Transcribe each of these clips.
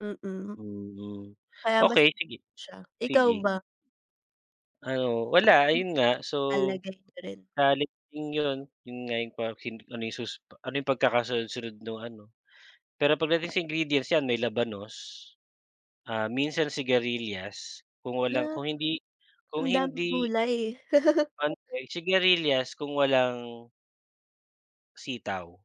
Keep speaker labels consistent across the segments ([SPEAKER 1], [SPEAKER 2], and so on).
[SPEAKER 1] Mm.
[SPEAKER 2] Mhm.
[SPEAKER 1] Kaya mas
[SPEAKER 2] Okey, sige.
[SPEAKER 1] siya, ikaw
[SPEAKER 2] Sige.
[SPEAKER 1] ba?
[SPEAKER 2] Ano wala, ayon
[SPEAKER 1] [unintelligible]
[SPEAKER 2] nga. So,
[SPEAKER 1] Lalagay niyo rin.
[SPEAKER 2] sa halip din yon, yun nga yung pahoksin ano yung susu ano yung pagkakasunod-sunod nung ano, pero pagdating sa ingredients 'yan may labanos. Ah, minsan sigarilyas, kung
[SPEAKER 1] Ah he
[SPEAKER 2] walang kung hindi kung
[SPEAKER 1] ang daming
[SPEAKER 2] hindi
[SPEAKER 1] gulay.
[SPEAKER 2] [unintelligible] sigarilyas kung walang sitaw.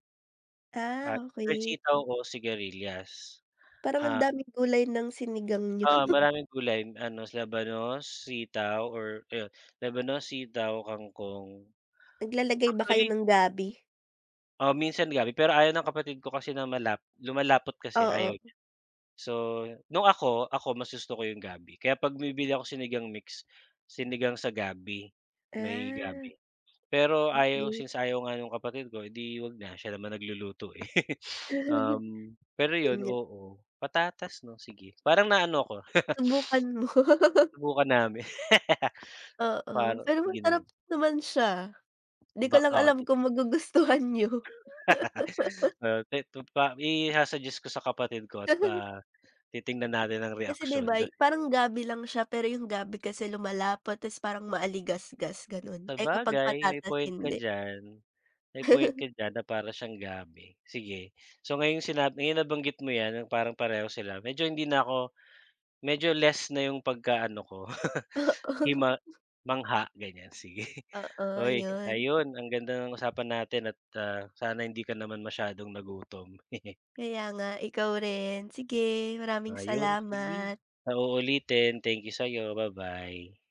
[SPEAKER 2] At
[SPEAKER 1] Ah,
[SPEAKER 2] fresh
[SPEAKER 1] okey.
[SPEAKER 2] sitaw o sigarilyas.
[SPEAKER 1] Parang ang
[SPEAKER 2] Ha?
[SPEAKER 1] daming gulay ng sinigang niyo.
[SPEAKER 2] Oh, maraming gulay ano, labanos, sitaw or ayon, labanos, sitaw, kangkong.
[SPEAKER 1] Naglalagay ba kayo
[SPEAKER 2] Actually
[SPEAKER 1] ng gabi?
[SPEAKER 2] Oh, minsan gabi, pero ayaw ng kapatid ko kasi na malap lumalapot kasi ayaw
[SPEAKER 1] Oo.
[SPEAKER 2] niya. So nung ako, ako mas gusto ko 'yong gabi, kaya 'pag bumibili ako Sinigang Mix, sinigang sa gabi, may
[SPEAKER 1] Ah,
[SPEAKER 2] gabi. Pero ayaw
[SPEAKER 1] okey.
[SPEAKER 2] since ayaw nga nung kapatid ko, eh, di 'wag na. Siya naman nagluluto, eh.
[SPEAKER 1] 'Yon
[SPEAKER 2] Uhm, pero 'yon,
[SPEAKER 1] nga.
[SPEAKER 2] oo. Patatas, 'no? Sige. Parang naano ako.
[SPEAKER 1] Subukan mo.
[SPEAKER 2] Subukan nami
[SPEAKER 1] Oo,
[SPEAKER 2] Paro
[SPEAKER 1] pero
[SPEAKER 2] sige na
[SPEAKER 1] masarap
[SPEAKER 2] ng
[SPEAKER 1] naman siya. Di ko lang
[SPEAKER 2] Baka,
[SPEAKER 1] alam
[SPEAKER 2] si
[SPEAKER 1] kung magugustuhan niyo.
[SPEAKER 2] Oh, ito pa, isa-suggest ko sa kapatid ko at, ah, titignan natin ang
[SPEAKER 1] Kasi di
[SPEAKER 2] reaksyon
[SPEAKER 1] ba
[SPEAKER 2] ga
[SPEAKER 1] y parang gabi lang siya pero yung gabi kasi lumalapot ta's parang maligasgas, gano'n. Eh, kapag
[SPEAKER 2] Sabagay, may
[SPEAKER 1] patatas,
[SPEAKER 2] point ka
[SPEAKER 1] hindi.
[SPEAKER 2] diyan. May point ka diyan na para siyang gabi. Sige, so ngayong sinab ayan, nabanggit mo 'yan, yung parang pareho sila, medyo hindi na ako medyo less na 'yong pagkaano ko,
[SPEAKER 1] Oo.
[SPEAKER 2] hima mangha ganyan, sige.
[SPEAKER 1] Oo,
[SPEAKER 2] Oy,
[SPEAKER 1] 'yon.
[SPEAKER 2] ayon, ang ganda ng usapan natin at, ah, sana hindi ka naman masyadong nagutom.
[SPEAKER 1] Kaya nga, ikaw rin. Sige, maraming
[SPEAKER 2] Ayon, sige.
[SPEAKER 1] salamat.
[SPEAKER 2] Sa uulitin, thank you sa'yo, ba-bye.